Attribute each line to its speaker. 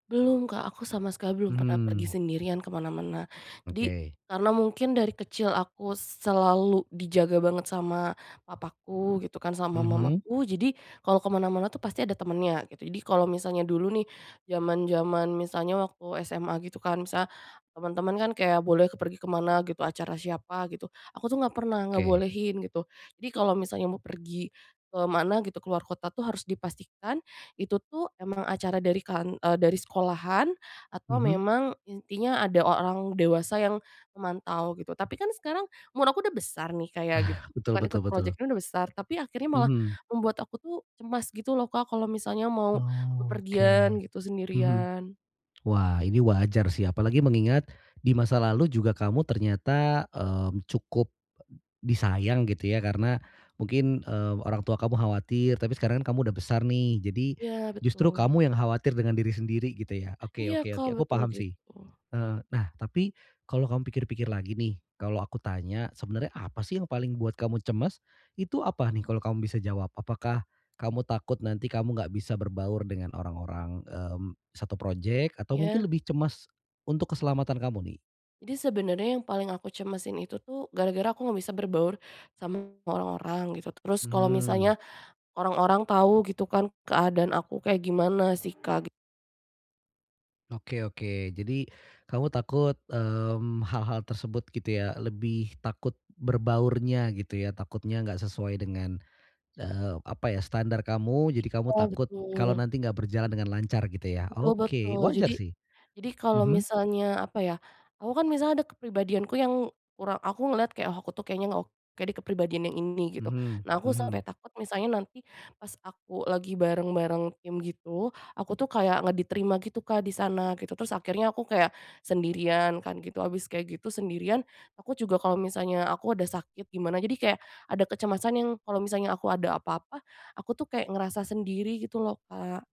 Speaker 1: Belum Kak, aku sama sekali belum pernah pergi
Speaker 2: Mhm.
Speaker 1: sendirian ke mana-mana. Jadi,
Speaker 2: Oke.
Speaker 1: karena mungkin dari kecil aku selalu dijaga banget sama papaku gitu kan, sama
Speaker 2: Mhm.
Speaker 1: mamaku, jadi kalau ke mana-mana tuh pasti ada temennya, gitu. Jadi kalau misalnya dulu nih, zaman-zaman misalnya waktu SMA gitu kan, misalnya teman-teman kan kayak boleh ke pergi kemana gitu, acara siapa gitu, aku tuh enggak pernah
Speaker 2: Oke.
Speaker 1: ngebolehin, gitu. Jadi kalau misalnya mau pergi ke mana gitu, keluar kota tuh harus dipastikan itu tuh emang acara dari kan eee, dari sekolahan atau
Speaker 2: Mhm.
Speaker 1: memang intinya ada o orang dewasa yang memantau gitu. Tapi kan sekarang umur aku udah besar nih Kak ya, gitu
Speaker 2: Ah,
Speaker 1: itu
Speaker 2: betul
Speaker 1: kan
Speaker 2: betul
Speaker 1: ikut
Speaker 2: betul.
Speaker 1: project-nya udah besar, tapi akhirnya malah
Speaker 2: Mhm.
Speaker 1: membuat aku tuh cemas gitu loh Kak, kalau misalnya mau
Speaker 2: Oh, oke,
Speaker 1: bepergian gitu,
Speaker 2: mhm.
Speaker 1: sendirian.
Speaker 2: Wah, ini wajar sih, apalagi mengingat di masa lalu juga, kamu ternyata, mmm, cukup disayang gitu ya, karena mungkin, eee, orang tua kamu khawatir. Tapi sekarang kamu udah besar nih, jadi,
Speaker 1: Iya,
Speaker 2: justru
Speaker 1: betul.
Speaker 2: kamu yang khawatir dengan diri sendiri gitu ya. Oke
Speaker 1: Iya
Speaker 2: oke
Speaker 1: Kak,
Speaker 2: oke, aku
Speaker 1: betul
Speaker 2: paham sih.
Speaker 1: gitu.
Speaker 2: Eee, nah, tapi, kalau kamu pikir-pikir lagi nih, kalau aku tanya, sebenarnya apa sih yang paling buat kamu cemas? Itu apa nih, kalau kamu bisa jawab, apakah kamu takut nanti kamu enggak bisa berbaur dengan orang-orang, mmm, satu project atau mungkin
Speaker 1: Iya.
Speaker 2: lebih cemas untuk keselamatan kamu nih?
Speaker 1: Jadi sebenarnya yang paling aku cemasin itu tuh, gara-gara aku enggak bisa berbaur sama orang-orang gitu. Terus kalau
Speaker 2: Mhm.
Speaker 1: misalnya orang-orang tahu gitu kan, keadaan aku kayak gimana sih Kak gi
Speaker 2: Oke oke, jadi kamu takut, mmm, hal-hal tersebut gitu ya, lebih takut berbaurnya gitu ya, takutnya enggak sesuai dengan, eee, apa ya, standar kamu, jadi kamu
Speaker 1: Iya,
Speaker 2: takut kalau
Speaker 1: betul.
Speaker 2: nanti enggak berjalan dengan lancar gitu ya,
Speaker 1: Betul
Speaker 2: oke,
Speaker 1: betul.
Speaker 2: wajar
Speaker 1: Jadi
Speaker 2: sih.
Speaker 1: jadi kalau
Speaker 2: Mhm.
Speaker 1: misalnya apa ya, aku kan misalnya ada kepribadianku yang kurang, aku ngeliat kayak, oh aku tuh kayaknya ngeok kayak di kepribadian yang ini gitu.
Speaker 2: Mhm
Speaker 1: Nah aku sampai
Speaker 2: mhm.
Speaker 1: takut misalnya nanti pas aku lagi bareng-bareng tim gitu, aku tuh kayak enggak diterima gitu Kak, di sana gitu. Terus akhirnya aku kayak sendirian kan gitu, habis kayak gitu, sendirian, aku juga kalau misalnya aku ada sakit gimana, jadi kayak ada kecemasan yang kalau misalnya aku ada apa-apa, aku tuh kayak ngerasa sendiri gitu loh Kak.